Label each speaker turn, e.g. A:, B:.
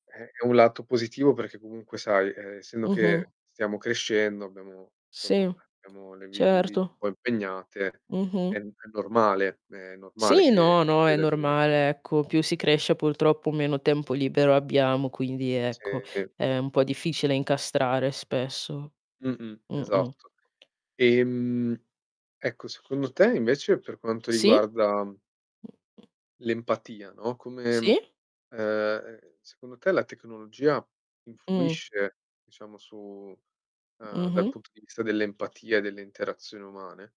A: È è un lato positivo perché comunque sai, ehm, essendo
B: Mh-mh.
A: che stiamo crescendo, abbiamo insomma,
B: Sì,
A: abbiamo le vi le vite
B: certo.
A: un po' impegnate, è
B: Mh-mh.
A: n è normale è normale
B: Sì,
A: che
B: no, no, è
A: [unintelligible]
B: normale, ecco, più si cresce purtroppo meno tempo libero abbiamo, quindi ecco,
A: Sì.
B: è un po' difficile incastrare spesso.
A: Mh-mh.
B: Mh-mh.
A: Esatto. Ehm, ecco, secondo te invece per quanto
B: Sì?
A: riguarda l'empatia, no, come
B: Sì?
A: ehm, secondo te la tecnologia
B: Mh.
A: influisce, diciamo, su ehm, dal
B: Mh-mh.
A: punto di vista dell'empatia e delle interazioni umane?